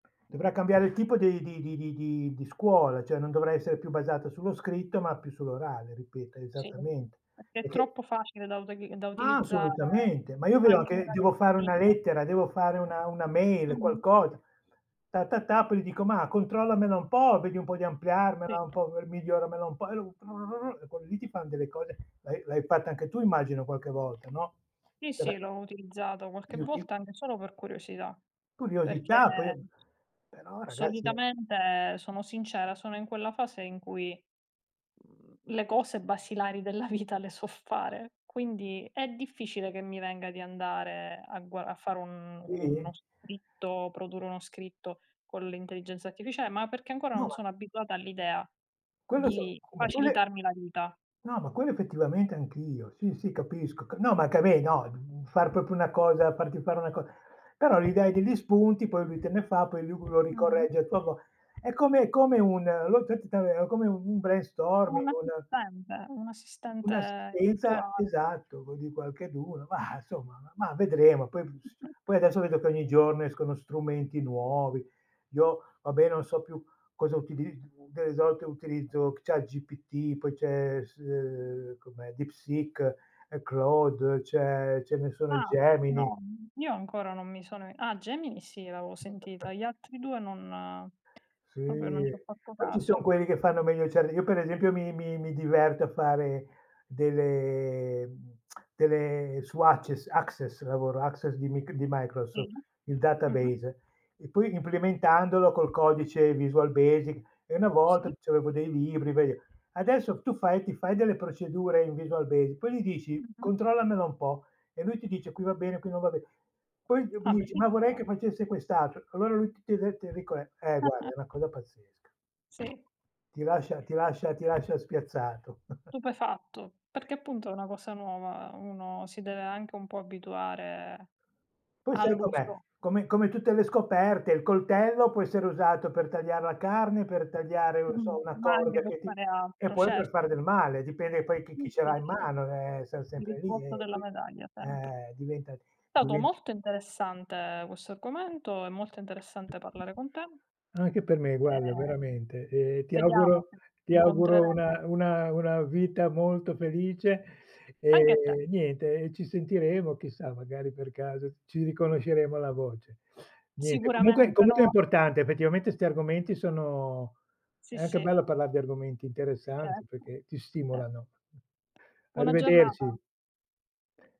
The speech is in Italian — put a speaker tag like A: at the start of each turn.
A: Dovrà cambiare il tipo di di di di di di scuola, cioè non dovrà essere più basata sullo scritto ma più sull'orale, ripeto,
B: Sì,
A: esattamente,
B: perché è
A: perché
B: troppo facile da uteg da
A: Ma
B: utilizzare,
A: assolutamente, ma io vedo
B: anche un
A: che devo fare una
B: ragazzino
A: lettera, devo fare una una mail,
B: Mh-mh.
A: qualcosa. Ta, ta, ta, poi gli dico: "Ma controllamela un po', vedi un po' di ampliarmela
B: Sì.
A: un po' miglioramela un po'." [unintelligible] E quelli lì ti fan delle cose, l'hai l'hai fatto anche tu immagino qualche volta, no,
B: Sì,
A: era
B: sì, l'ho utilizzato qualche
A: [unintelligible]
B: volta anche solo per curiosità,
A: Curiosità, poi,
B: perché
A: ehm però ragazzi è
B: solitamente, sono sincera, sono in quella fase in cui, mhmm, le cose basilari della vita le so fare, quindi è difficile che mi venga di andare a gua a fare un uno
A: Sì?
B: scritto, produrre uno scritto con l'intelligenza artificiale, ma perché ancora
A: No,
B: non
A: ma
B: sono abituata all'idea
A: Quello so
B: di
A: qu ma quelle
B: facilitarmi la vita.
A: No, ma quello effettivamente anch'io. Sì, sì, capisco c no, ma anche a me, no, mhmm, far proprio una cosa farti fare una co però gli dai degli spunti, poi lui te ne fa, poi lui lo
B: Mh-mh.
A: ricorregge a sua vo è come è come un [unintelligible] è come un un brainstorming,
B: Un
A: un
B: assistente, un assistente
A: un'assistenza
B: virtuale.
A: esatto, c di qualcheduno. Ma insomma, ma ma vedremo. Poi b s
B: Mh-mh.
A: poi adesso vedo che ogni giorno escono strumenti nuovi. Io, vabbè, non so più cosa utiliz delle volte utilizzo ChatGPT, poi c'è, s uhm, com'è, DeepSeek, ehm, Claude, c'è ce ne sono,
B: Ah,
A: Gemini.
B: no, n io ancora non mi sono ah, Gemini sì, l'avevo sentita. Gli altri 2 non
A: Sì,
B: proprio non c'ho fatto
A: poi ci son
B: caso.
A: quelli che fanno meglio, cioè [unintelligible] io per esempio mi mi mi diverto a fare delle mhmm, delle su Abces Access, lavoro su Access di mic di
B: Sì.
A: Microsoft, il
B: Mh-mh.
A: database. E poi implementandolo col codice Visual Basic. E una volta
B: Sì.
A: c'avevo dei libri, [unintelligible] adesso tu fai ti fai delle procedure in Visual Basic, poi gli dici:
B: Mh-mh.
A: "Controllamela un po'." E lui ti dice: "Qui va bene, qui non va be" Poi, [unintelligible]
B: Ah,
A: gli dici: "Ma vorrei che
B: bellissimo.
A: facesse quest'altro." Allora lui t t e de te rico eh, eh guarda, è una cosa pazzesca.
B: Sì.
A: Ti lascia ti lascia ti lascia spiazzato.
B: Stupefatto. Perché appunto è una cosa nuova, uno si deve anche un po' abituare
A: Poi sai com'è,
B: all'uso.
A: come come tutte le scoperte, il coltello può essere usato per tagliar la carne, per tagliare, non so,
B: Mh-mh,
A: una
B: ma anche
A: corda
B: per
A: che ti
B: fare
A: e
B: altro,
A: poi per fare
B: certo.
A: del male, dipende poi chi chi
B: Sì,
A: ce
B: sì,
A: l'ha in
B: sì.
A: mano, ehm, siam
B: Il
A: sempre lì, ehm,
B: risvolto della
A: poi
B: medaglia, sempre.
A: eh, diventa
B: Stato
A: divent
B: molto interessante questo argomento, è molto interessante parlare con te.
A: Anche per me, guarda,
B: Ehm,
A: veramente. E ti
B: vediamo
A: auguro
B: se ci
A: ti auguro
B: incontreremo.
A: una una una vita molto felice.
B: Anche a te.
A: E niente, e ci sentiremo, chissà, magari per caso ci riconosceremo la voce. Niente, comunque
B: Sicuramente,
A: comunque è
B: no.
A: importante, effettivamente 'sti argomenti sono
B: Sì,
A: è anche
B: sì.
A: bello parlare di argomenti interessanti
B: Certo,
A: perché ti
B: ce
A: stimolano.
B: Buona giornata.
A: Arrivederci.